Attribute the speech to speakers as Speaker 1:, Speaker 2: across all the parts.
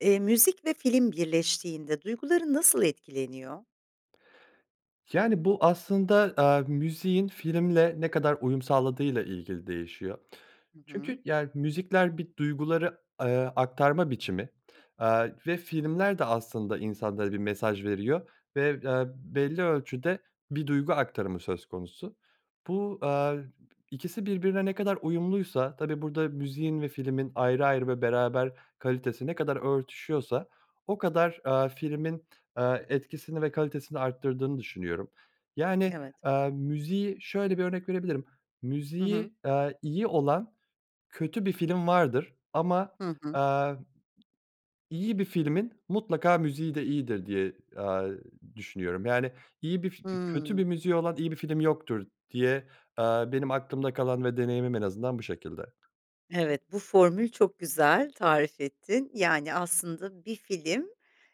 Speaker 1: Eee, müzik ve film birleştiğinde duyguların nasıl etkileniyor?
Speaker 2: Yani, bu aslında, eee, müziğin filmle ne kadar uyum sağladığıyla ilgili değişiyor.
Speaker 1: Hı hı.
Speaker 2: Çünkü, yani, müzikler bir duyguları, eee, aktarma biçimi. Aaa, ve filmler de aslında insanlara bir mesaj veriyor ve, eee, belli ölçüde bir duygu aktarımı söz konusu. Bu, eee, ikisi birbirine ne kadar uyumluysa, tabii, burada müziğin ve filmin ayrı ayrı ve beraber kalitesi ne kadar örtüşüyorsa o kadar, eee, filmin, eee, etkisini ve kalitesini artırdığını düşünüyorum. Yani,
Speaker 1: Evet.
Speaker 2: eee, müziği şöyle bir örnek verebilirim;
Speaker 1: Hı hı.
Speaker 2: müziği, aaa, iyi olan kötü bir film vardır ama,
Speaker 1: Hı hı.
Speaker 2: aaa, iyi bir filmin mutlaka müziği de iyidir diye, aaa, düşünüyorum. Yani, iyi bir fi kötü bir
Speaker 1: Hıı.
Speaker 2: müziği olan iyi bir film yoktur diye, eee, benim aklımda kalan ve deneyimim en azından bu şekilde.
Speaker 1: Evet, bu formül çok güzel, tarif ettin. Yani, aslında bir film,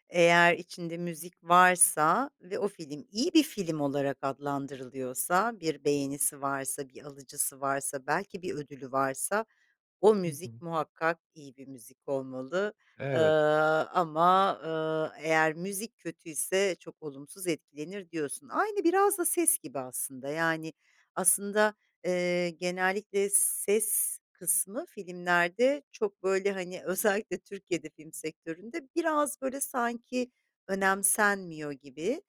Speaker 1: eğer içinde müzik varsa ve o film iyi bir film olarak adlandırılıyorsa, bir beğenisi varsa, bir alıcısı varsa, belki bir ödülü varsa, o
Speaker 2: Hı hı.
Speaker 1: müzik muhakkak iyi bir müzik olmalı. Eee,
Speaker 2: Evet.
Speaker 1: ama, eee, eğer müzik kötü ise çok olumsuz etkilenir, diyorsun. Aynı biraz da ses gibi aslında. Yani, aslında, eee, genellikle ses kısmı filmlerde çok böyle, hani, özellikle Türkiye'de film sektöründe biraz, böyle, sanki önemsenmiyor gibi,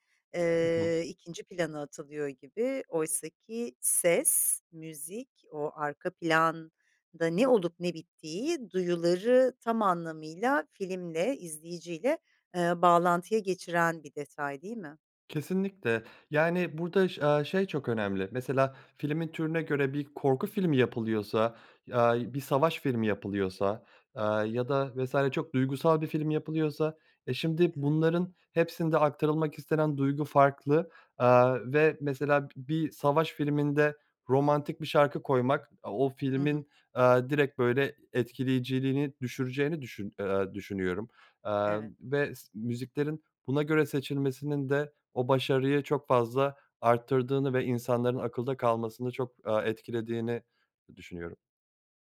Speaker 2: Hı hı.
Speaker 1: eee, 2. plana atılıyor gibi. Oysaki ses, müzik, o arka planda ne olup ne bittiği, duyuları tam anlamıyla filmle, izleyiciyle, eee, bağlantıya geçiren bir detay, değil mi?
Speaker 2: Kesinlikle, yani, burada ş aaa, şey çok önemli. Mesela, filmin türüne göre bir korku filmi yapılıyorsa, aaa, bir savaş filmi yapılıyorsa, aaa, ya da vs. çok duygusal bir film yapılıyorsa, e, şimdi
Speaker 1: Evet.
Speaker 2: bunların hepsinde aktarılmak istenen duygu farklı, aaa, ve mesela bir savaş filminde romantik bir şarkı koymak, o
Speaker 1: Hı hı.
Speaker 2: filmin, aaa, direkt, böyle, etkileyiciliğini düşüreceğini düşün eee, düşünüyorum, aaa,
Speaker 1: Evet.
Speaker 2: ve s müziklerin buna göre seçilmesinin de o başarıyı çok fazla artırdığını ve insanların akılda kalmasını çok, aaa, etkilediğini düşünüyorum.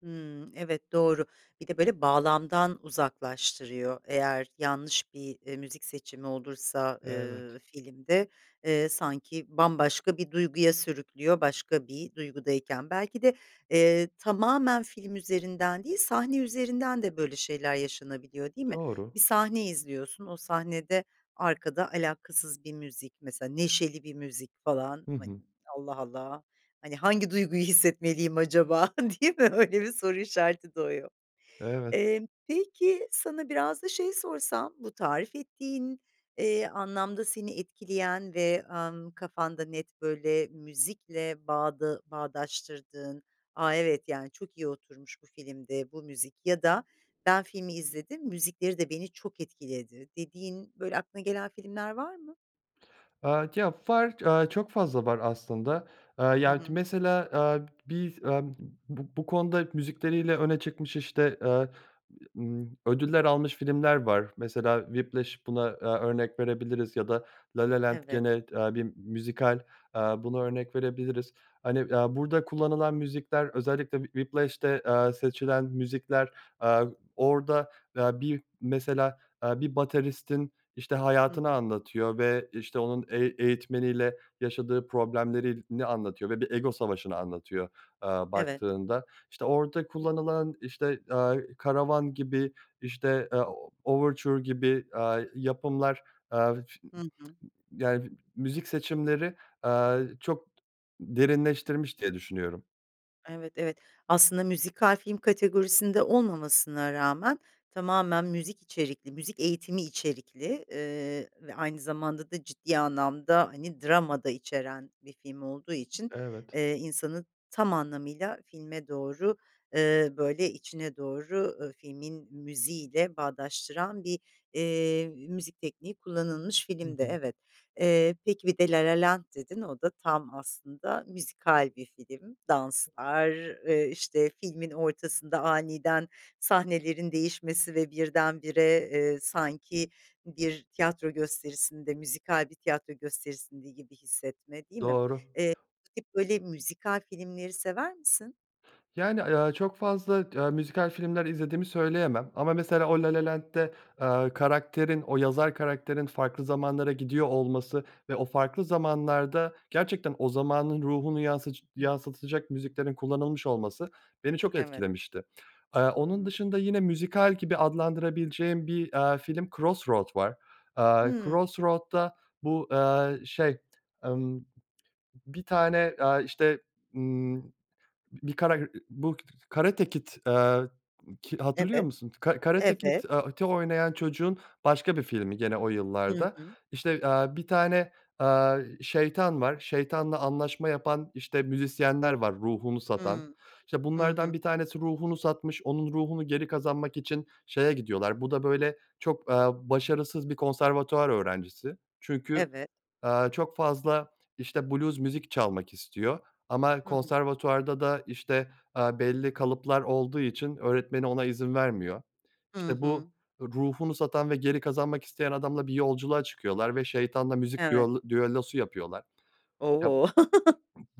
Speaker 1: Hımm. Evet, doğru. Bir de, böyle, bağlamdan uzaklaştırıyor eğer yanlış bir, eee, müzik seçimi olursa,
Speaker 2: Evet.
Speaker 1: ııı, filmde. Eee, sanki bambaşka bir duyguya sürüklüyor başka bir duygudayken. Belki de, eee, tamamen film üzerinden değil, sahne üzerinden de böyle şeyler yaşanabiliyor, değil mi? Bir
Speaker 2: Doğru.
Speaker 1: sahne izliyorsun, o sahnede arkada alakasız bir müzik, mesela neşeli bir müzik falan,
Speaker 2: Hı
Speaker 1: hani,
Speaker 2: hı.
Speaker 1: "Allah Allah! Hani, hangi duyguyu hissetmeliyim acaba?" değil mi, öyle bir soru işareti doğuyor.
Speaker 2: Evet.
Speaker 1: Emm, peki, sana biraz da şeyi sorsam: Bu tarif ettiğin, eee, anlamda seni etkileyen ve, ımm, kafanda net, böyle, müzikle bağda bağdaştırdığın, "A! Evet. Yani, çok iyi oturmuş bu filmde bu müzik." ya da "Ben filmi izledim, müzikleri de beni çok etkiledi." dediğin, böyle, aklına gelen filmler var mı?
Speaker 2: Aaa, ya, var, aaa, çok fazla var aslında, aaa,
Speaker 1: Hı
Speaker 2: ya,
Speaker 1: hı.
Speaker 2: mesela, aaa, bi emm, b bu bu konuda müzikleriyle öne çıkmış, işte, eee, ımm, ödüller almış filmler var. Mesela, "Whiplash" buna, eee, örnek verebiliriz ya da "La La Land"
Speaker 1: Evet.
Speaker 2: gene, aaa, bir müzikal, aaa, buna örnek verebiliriz. Hani, aaa, burada kullanılan müzikler, özellikle Whi Whiplash'te, eee, seçilen müzikler, aaa, orada, aaa, bir mesela, aaa, bir bateristin, işte,
Speaker 1: Hı
Speaker 2: hayatını
Speaker 1: hı.
Speaker 2: anlatıyor ve, işte, onun eği eğitmeniyle yaşadığı problemlerini anlatıyor ve bir ego savaşını anlatıyor, eee,
Speaker 1: Evet.
Speaker 2: baktığında. İşte, orada kullanılan, işte, aaa, "Karavan" gibi, işte, eee, "Overture" gibi, aaa, yapımlar, aaa, f
Speaker 1: Hı
Speaker 2: [unintelligible]
Speaker 1: hı.
Speaker 2: Yani, müzik seçimleri, eee, çok derinleştirmiş diye düşünüyorum.
Speaker 1: Evet, evet. Aslında müzikal film kategorisinde olmamasına rağmen tamamen müzik içerikli müzik eğitimi içerikli, eee, ve aynı zamanda da ciddi anlamda, hani, drama da içeren bir film olduğu için,
Speaker 2: Evet.
Speaker 1: eee, insanın tam anlamıyla filme doğru, eee, böyle içine doğru, ııı, filmin müziğiyle bağdaştıran bir, eee, müzik tekniği kullanılmış
Speaker 2: Hı
Speaker 1: filmdi,
Speaker 2: hı.
Speaker 1: evet. Eee, peki, bir de La La Land dedin, o da tam aslında müzikal bir film. Danslar, eee, işte, filmin ortasında aniden sahnelerin değişmesi ve birdenbire, eee, sanki bir tiyatro gösterisinde müzikal bir tiyatro gösterisinde gibi hissetme, değil mi?
Speaker 2: Doğru.
Speaker 1: Eee, bu tip böyle müzikal filmleri sever misin?
Speaker 2: Yani, aaa, ya, çok fazla t aaa, müzikal filmler izlediğimi söyleyemem ama, mesela,
Speaker 1: Hı.
Speaker 2: o La La Land'de, aaa, karakterin o yazar karakterin farklı zamanlara gidiyor olması ve o farklı zamanlarda gerçekten o zamanın ruhunu yansıc
Speaker 1: [unintelligible]
Speaker 2: yansıtacak müziklerin kullanılmış olması beni çok
Speaker 1: Evet.
Speaker 2: etkilemişti. Aaa, onun
Speaker 1: Hımm.
Speaker 2: dışında yine müzikal gibi adlandırabileceğim bir, aaa, film Crossroad var. Aaa,
Speaker 1: Hımm.
Speaker 2: Crossroad'da bu, aaa, şey, emm, bir tane, aaa, işte, ımm, bir kara ı bu K Karate Kid, aaa, ki hatırlıyor
Speaker 1: Evet.
Speaker 2: musun? Ka Karate Kid
Speaker 1: Evet.
Speaker 2: aaa, te oynayan çocuğun başka bir filmi gene o
Speaker 1: Hı
Speaker 2: yıllarda.
Speaker 1: hı.
Speaker 2: İşte, aaa, bir tane, aaa, şeytan var. Şeytanla anlaşma yapan, işte, müzisyenler var ruhunu satan.
Speaker 1: Hımm.
Speaker 2: İşte,
Speaker 1: Hı
Speaker 2: bunlardan
Speaker 1: hı.
Speaker 2: bir tanesi ruhunu satmış, onun ruhunu geri kazanmak için şeye gidiyorlar Bu da böyle çok, aaa, başarısız bir konservatuvar öğrencisi. Çünkü,
Speaker 1: Evet.
Speaker 2: aaa, çok fazla, işte, blues müzik çalmak istiyor ama
Speaker 1: Hı hı.
Speaker 2: konservatuvarda da, işte, aaa, belli kalıplar olduğu için öğretmeni ona izin vermiyor.
Speaker 1: Hı
Speaker 2: İşte,
Speaker 1: hı.
Speaker 2: bu ruhunu satan ve geri kazanmak isteyen adamla bir yolculuğa çıkıyorlar ve şeytanla müzik
Speaker 1: Evet.
Speaker 2: düollo düellosu yapıyorlar. Yap
Speaker 1: O!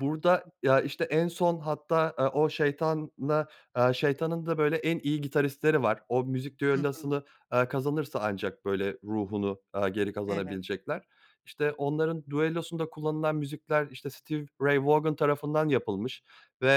Speaker 2: Burada, ya, işte, en son hatta, aaa, o şeytanla aaa, şeytanın da böyle en iyi gitaristleri var. O müzik
Speaker 1: Hı hı.
Speaker 2: düellosunu, aaa, kazanırsa ancak böyle ruhunu, aaa, geri
Speaker 1: Evet.
Speaker 2: kazanabilecekler. İşte, onların düellosunda kullanılan müzikler, işte, Stevie Ray Vaughan tarafından yapılmış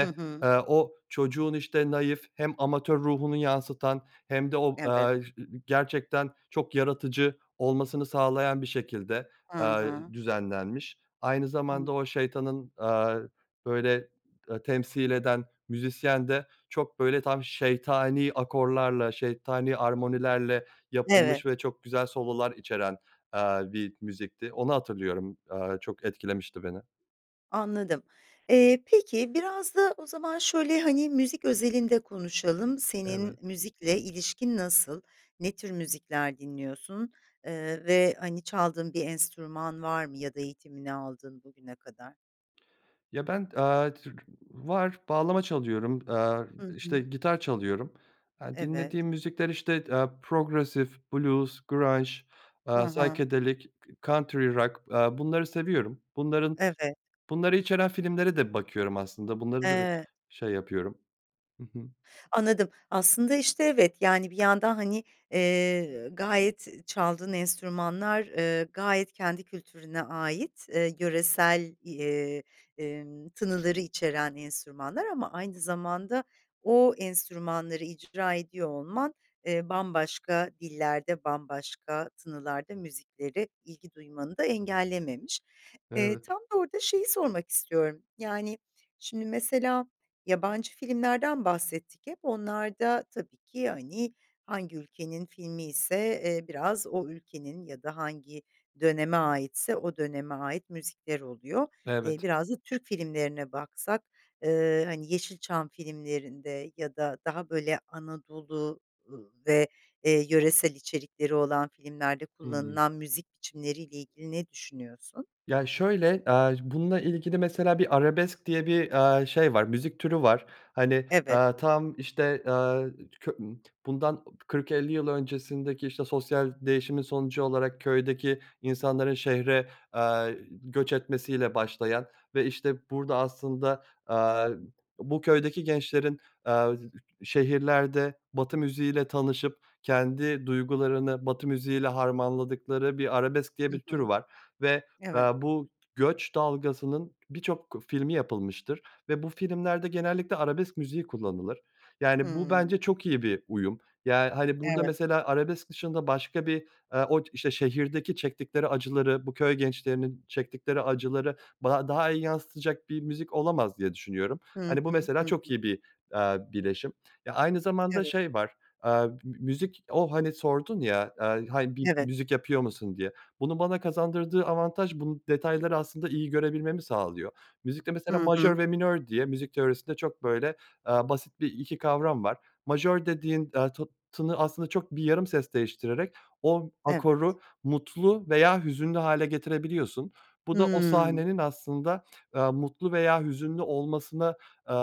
Speaker 1: Hı hı.
Speaker 2: eee, o çocuğun, işte, naif, hem amatör ruhunu yansıtan hem de o,
Speaker 1: Evet.
Speaker 2: aaa, e i gerçekten çok yaratıcı olmasını sağlayan bir şekilde,
Speaker 1: Hı
Speaker 2: aaa,
Speaker 1: hı.
Speaker 2: düzenlenmiş. Aynı zamanda
Speaker 1: Anladım.
Speaker 2: o şeytanın, aaa, böyle e temsil eden müzisyen de çok böyle tam şeytani akorlarla, şeytani armonilerle
Speaker 1: Evet.
Speaker 2: yapılmış ve çok güzel sololar içeren, aaa, bir müzikti. Onu hatırlıyorum, aaa, çok etkilemişti beni.
Speaker 1: Anladım. Eee, peki biraz da o zaman şöyle, hani, müzik özelinde konuşalım.
Speaker 2: Evet.
Speaker 1: Senin müzikle ilişkin nasıl? Ne tür müzikler dinliyorsun, eee, ve, hani, çaldığın bir enstrüman var mı ya da eğitimini aldığın bugüne kadar?
Speaker 2: Ya ben, eee, tür var, bağlama çalıyorum,
Speaker 1: Hı
Speaker 2: eee, işte,
Speaker 1: hı.
Speaker 2: gitar çalıyorum. Eee,
Speaker 1: Evet.
Speaker 2: dinlediğim müzikler, işte, eee, progressive, blues, grunge,
Speaker 1: Hı hı.
Speaker 2: psychedelic, country rock, eee, bunları seviyorum. Bunların,
Speaker 1: Evet.
Speaker 2: bunları içeren filmlere de bakıyorum aslında, bunları da
Speaker 1: Eee
Speaker 2: şey yapıyorum. Hı hı.
Speaker 1: Anladım. Aslında, işte, evet. Yani, bir yandan hani, eee, gayet çaldığın enstrümanlar, eee, gayet kendi kültürüne ait, eee, yöresel, eee, emm, tınıları içeren enstrümanlar ama aynı zamanda o enstrümanları icra ediyor olman, eee, bambaşka dillerde, bambaşka tınılarda müziklere ilgi duymanı da engellememiş. Eee,
Speaker 2: Evet.
Speaker 1: tam da orda şeyi sormak istiyorum. Yani, şimdi, mesela, yabancı filmlerden bahsettik hep. Onlarda tabii ki, hani, hangi ülkenin filmiyse, eee, biraz o ülkenin ya da hangi döneme aitse o döneme ait müzikler oluyor. Eee,
Speaker 2: Evet.
Speaker 1: biraz da Türk filmlerine baksak, eee, hani, Yeşilçam filmlerinde ya da daha böyle Anadolu ve, eee, yöresel içerikleri olan filmlerde
Speaker 2: Hı hı.
Speaker 1: kullanılan müzik biçimleriyle ilgili ne düşünüyorsun?
Speaker 2: Ya şöyle, aaa, bununla ilgili mesela bir arabesk diye bir, aaa, şey var, müzik türü var. Hani,
Speaker 1: Evet.
Speaker 2: aaa, tam işte, aaa, ço bundan 40-50 yıl öncesindeki, işte, sosyal değişimin sonucu olarak köydeki insanların şehire, eee, göç etmesiyle başlayan ve işte burada aslında, aaa, bu köydeki gençlerin, aaa, şehirlerde Batı müziği ile tanışıp kendi duygularını Batı müziği ile harmanladıkları bir arabesk diye
Speaker 1: Hı
Speaker 2: bir tür
Speaker 1: hı.
Speaker 2: var ve,
Speaker 1: Evet.
Speaker 2: eee, bu göç dalgasının birçok filmi yapılmıştır ve bu filmlerde genellikle arabesk müziği kullanılır. Yani, bu
Speaker 1: Hımm.
Speaker 2: bence çok iyi bir uyum. Yani, hani, burada,
Speaker 1: Evet.
Speaker 2: mesela arabesk dışında başka bir, eee, o işte şehirdeki çektikleri acıları, bu köy gençlerinin çektikleri acıları ba daha iyi yansıtacak bir müzik olamaz diye düşünüyorum.
Speaker 1: Hı
Speaker 2: Hani, bu
Speaker 1: hı,
Speaker 2: mesela
Speaker 1: hı
Speaker 2: çok
Speaker 1: hı.
Speaker 2: iyi bir, aaa, bileşim. Eee, aynı zamanda
Speaker 1: Evet.
Speaker 2: şey var, eee, bi bi müzik O, hani, sordun ya, eee, hani, bir
Speaker 1: Evet.
Speaker 2: müzik yapıyor musun diye. Bunun bana kazandırdığı avantaj bu detayları aslında iyi görebilmemi sağlıyor. Müzikte mesela
Speaker 1: Hı
Speaker 2: majör
Speaker 1: hı.
Speaker 2: ve minör diye müzik teorisinde çok böyle, aaa, basit bir 2 kavram var. Majör dediğin, eee, tı tını aslında çok bir yarım ses değiştirerek o
Speaker 1: Evet.
Speaker 2: akoru mutlu veya hüzünlü hâle getirebiliyorsun. Bu da o
Speaker 1: Hımm.
Speaker 2: sahnenin aslında, eee, mutlu veya hüzünlü olmasına, eee,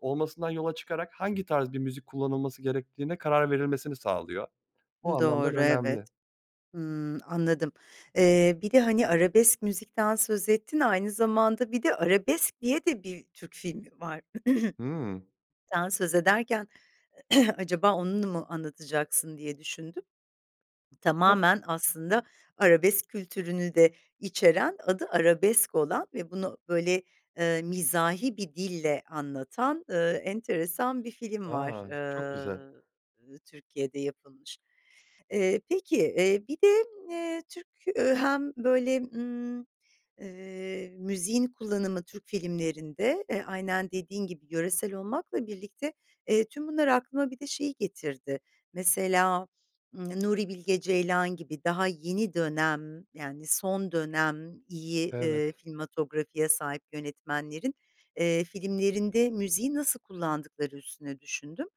Speaker 2: olmasından yola çıkarak hangi tarz bir müzik kullanılması gerektiğine karar verilmesini sağlıyor. O
Speaker 1: Hı,
Speaker 2: anlamdan
Speaker 1: doğru, evet.
Speaker 2: önemli.
Speaker 1: Hımm. Anladım. Eee, bir de hani arabesk müzikten söz ettin. Aynı zamanda bir de "Arabesk" diye de bir Türk filmi var.
Speaker 2: Hımm.
Speaker 1: Sen söz ederken acaba onu mu anlatacaksın diye düşündüm.
Speaker 2: [unintelligible]
Speaker 1: Tamamen, aslında arabesk kültürünü de içeren, adı Arabesk olan ve bunu böyle, eee, mizahi bir dille anlatan, eee, enteresan bir film var,
Speaker 2: A! Çok güzel.
Speaker 1: eee, Türkiye'de yapılmış. Eee, peki, eee, bir de, eee, Türk hem, böyle, ımm, eee, müziğin kullanımı Türk filmlerinde, eee, aynen dediğin gibi yöresel olmakla birlikte, eee, tüm bunlar aklıma bir de şey getirdi. Mesela, Nuri Bilge Ceylan gibi daha yeni dönem, yani, son dönem iyi, eee,
Speaker 2: Evet.
Speaker 1: filmatografi'ye sahip yönetmenlerin, eee, filmlerinde müziği nasıl kullandıkları üstüne düşündüm,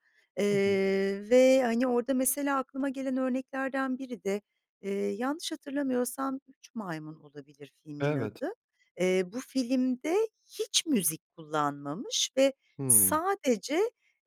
Speaker 2: Hı hı.
Speaker 1: eee, ve, hani, orada, mesela, aklıma gelen örneklerden biri de, eee, yanlış hatırlamıyorsam "Üç Maymun" olabilir filmin
Speaker 2: Evet.
Speaker 1: adı. Eee, bu filmde hiç müzik kullanmamış ve
Speaker 2: Hımm.
Speaker 1: sadece,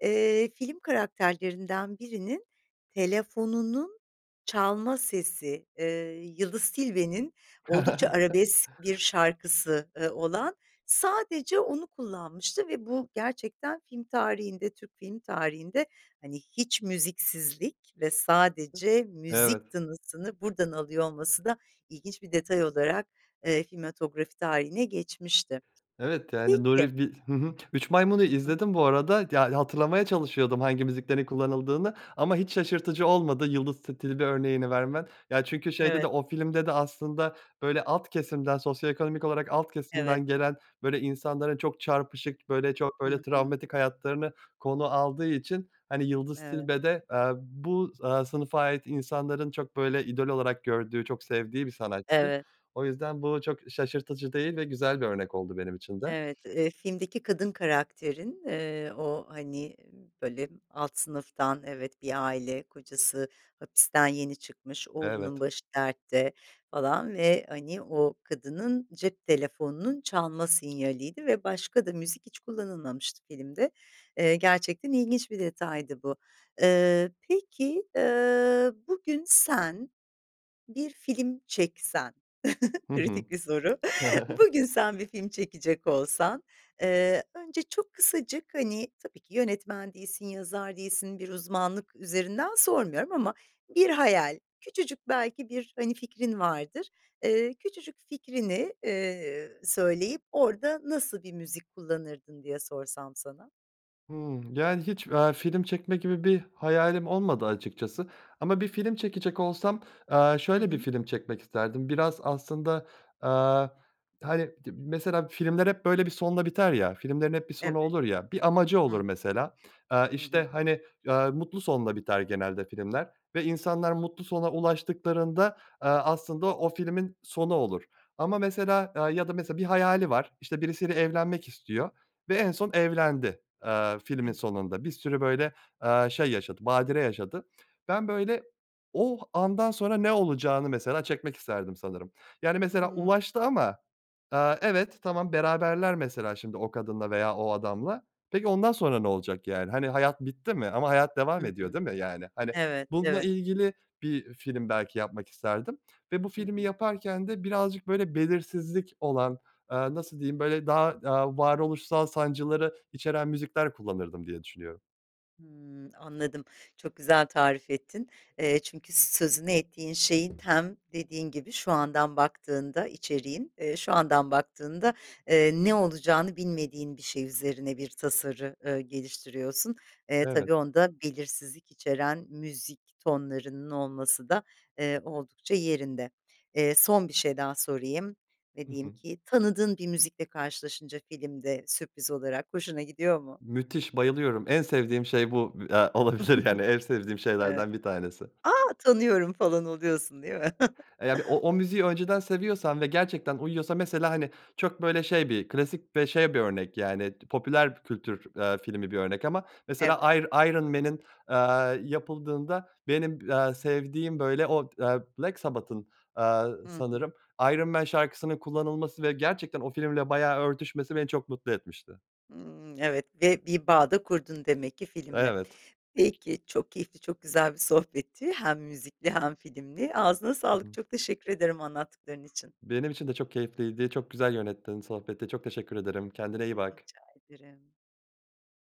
Speaker 1: eee, film karakterlerinden birinin telefonunun çalma sesi, eee, Yıldız Tilbe'nin oldukça arabesk bir şarkısı, ııı, olan. Sadece onu kullanmıştı ve bu gerçekten film tarihinde, Türk film tarihinde, hani, hiç müziksizlik ve sadece müzik
Speaker 2: Evet.
Speaker 1: tınısını buradan alıyor olması da ilginç bir detay olarak, eee, filmatografi tarihine geçmişti.
Speaker 2: Evet, yani,
Speaker 1: Peki
Speaker 2: Nuri Bil hı hı. "Üç Maymun"u
Speaker 1: Hı hı.
Speaker 2: izledim, bu arada. Ya, hatırlamaya çalışıyordum hangi müziklerin kullanıldığını ama hiç şaşırtıcı olmadı Yıldız Ti Tilbe örneğini vermen. Ya çünkü şeyde de,
Speaker 1: Evet.
Speaker 2: o filmde de aslında öyle alt kesimden, sosyoekonomik olarak alt
Speaker 1: Evet.
Speaker 2: kesimden gelen böyle insanların çok çarpışık, böyle, çok
Speaker 1: Hı
Speaker 2: böyle
Speaker 1: hı.
Speaker 2: travmatik hayatlarını konu aldığı için, hani, Yıldız
Speaker 1: Evet.
Speaker 2: Tilbe de, eee, bu, eee, sınıfa ait insanların çok böyle idol olarak gördüğü, çok sevdiği bir sanatçı.
Speaker 1: Evet.
Speaker 2: O yüzden bu çok şaşırtıcı değil ve güzel bir örnek oldu benim için de.
Speaker 1: Evet, eee, filmdeki kadın karakterin, eee, o, hani, böyle, alt sınıftan, evet, bir aile. Kocası hapisten yeni çıkmış, oğlunun
Speaker 2: Evet.
Speaker 1: başı dertte falan ve hani o kadının cep telefonunun çalma sinyaliydi ve başka da müzik hiç kullanılmamıştı filmde. Eee, gerçekten ilginç bir detaydı bu. Eee, peki, eee, bugün sen bir film çeksen,
Speaker 2: Hı hı.
Speaker 1: kritik bir soru. Bugün sen bir film çekecek olsan, eee, önce çok kısacık, hani, tabii ki yönetmen değilsin, yazar değilsin. Bir uzmanlık üzerinden sormuyorum ama bir hayal, küçücük belki bir, hani, fikrin vardır. Eee, küçücük fikrini, eee, söyleyip orada nasıl bir müzik kullanırdın diye sorsam sana?
Speaker 2: Hımm. Yani, hiç, aaa, film çekmek gibi bir hayalim olmadı açıkçası ama bir film çekecek olsam, aaa,
Speaker 1: Hı
Speaker 2: şöyle bir
Speaker 1: hı.
Speaker 2: film çekmek isterdim. Biraz aslında, aaa, hani, di mesela filmler hep, böyle, bir sonla biter ya, filmlerin hep bir sonu
Speaker 1: Evet.
Speaker 2: olur ya. Bir amacı olur
Speaker 1: Hı.
Speaker 2: mesela, aaa,
Speaker 1: Hı
Speaker 2: işte,
Speaker 1: hı.
Speaker 2: hani, aaa, mutlu sonla biter genelde filmler ve insanlar mutlu sona ulaştıklarında, aaa, aslında o filmin sonu olur. Ama mesela aaa, ya da mesela bir hayali var, işte, birisiyle evlenmek istiyor ve en son evlendi. Aaa, filmin
Speaker 1: Evet.
Speaker 2: sonunda. Bir sürü, böyle, aaa, şey yaşadı, badire yaşadı. Ben, böyle, o andan sonra ne olacağını mesela çekmek isterdim sanırım. Yani, mesela
Speaker 1: Hıı.
Speaker 2: ulaştı ama, aaa, evet, tamam, beraberler mesela şimdi o kadınla veya o adamla. Peki ondan sonra ne olacak, yani, hani, hayat bitti mi? Ama hayat
Speaker 1: Hı
Speaker 2: devam ediyor,
Speaker 1: hı.
Speaker 2: değil mi, yani? Hani,
Speaker 1: Evet,
Speaker 2: bununla
Speaker 1: evet.
Speaker 2: ilgili bir film belki yapmak isterdim ve bu
Speaker 1: Hı
Speaker 2: filmi
Speaker 1: hı.
Speaker 2: yaparken de birazcık böyle belirsizlik olan, aaa, nasıl diyeyim, böyle daha, aaa, varoluşsal sancıları içeren müzikler kullanırdım diye düşünüyorum.
Speaker 1: Hımm. Anladım, çok güzel tarif ettin. Eee, çünkü sözünü ettiğin şeyin hem dediğin gibi şu andan baktığında içeriğin, eee, şu andan baktığında, eee, ne olacağını bilmediğin bir şey üzerine bir tasarı, ııı, geliştiriyorsun. Eee, tabii
Speaker 2: Evet.
Speaker 1: onda belirsizlik içeren müzik tonlarının olması da, eee, oldukça yerinde. Eee, son bir şey daha sorayım ve
Speaker 2: Hı
Speaker 1: diyeyim
Speaker 2: hı.
Speaker 1: ki, tanıdığın bir müzikle karşılaşınca filmde sürpriz olarak hoşuna gidiyor mu?
Speaker 2: Müthiş, bayılıyorum, en sevdiğim şey bu i eee, olabilir, yani. En sevdiğim
Speaker 1: Evet.
Speaker 2: şeylerden bir tanesi.
Speaker 1: "A, tanıyorum." falan oluyorsun, değil mi?
Speaker 2: Eee, yani o o müziği önceden seviyorsam ve gerçekten uyuyorsa, mesela, hani, çok böyle şey bir klasik ve şey bir örnek, yani, t popüler kültür, eee, filmi bir örnek ama mesela
Speaker 1: Evet.
Speaker 2: Ir Iron Man'in, eee, yapıldığında benim, aaa, sevdiğim böyle o, aaa, Black Sabbath'ın, aaa,
Speaker 1: Hı hı.
Speaker 2: sanırım "Iron Man" şarkısının kullanılması ve gerçekten o filmle bayağı örtüşmesi beni çok mutlu etmişti.
Speaker 1: Hımm. Evet ve bir bağ da kurdun demek ki filmle.
Speaker 2: Evet.
Speaker 1: Peki, çok keyifli, çok güzel bir sohbetti hem müzikli hem filmli. Ağzına
Speaker 2: Hı
Speaker 1: sağlık,
Speaker 2: hı.
Speaker 1: çok teşekkür ederim anlattıkların için.
Speaker 2: Benim için de çok keyifliydi, çok güzel yönettin sohbeti. Çok teşekkür ederim, kendine iyi bak.
Speaker 1: Rica ederim.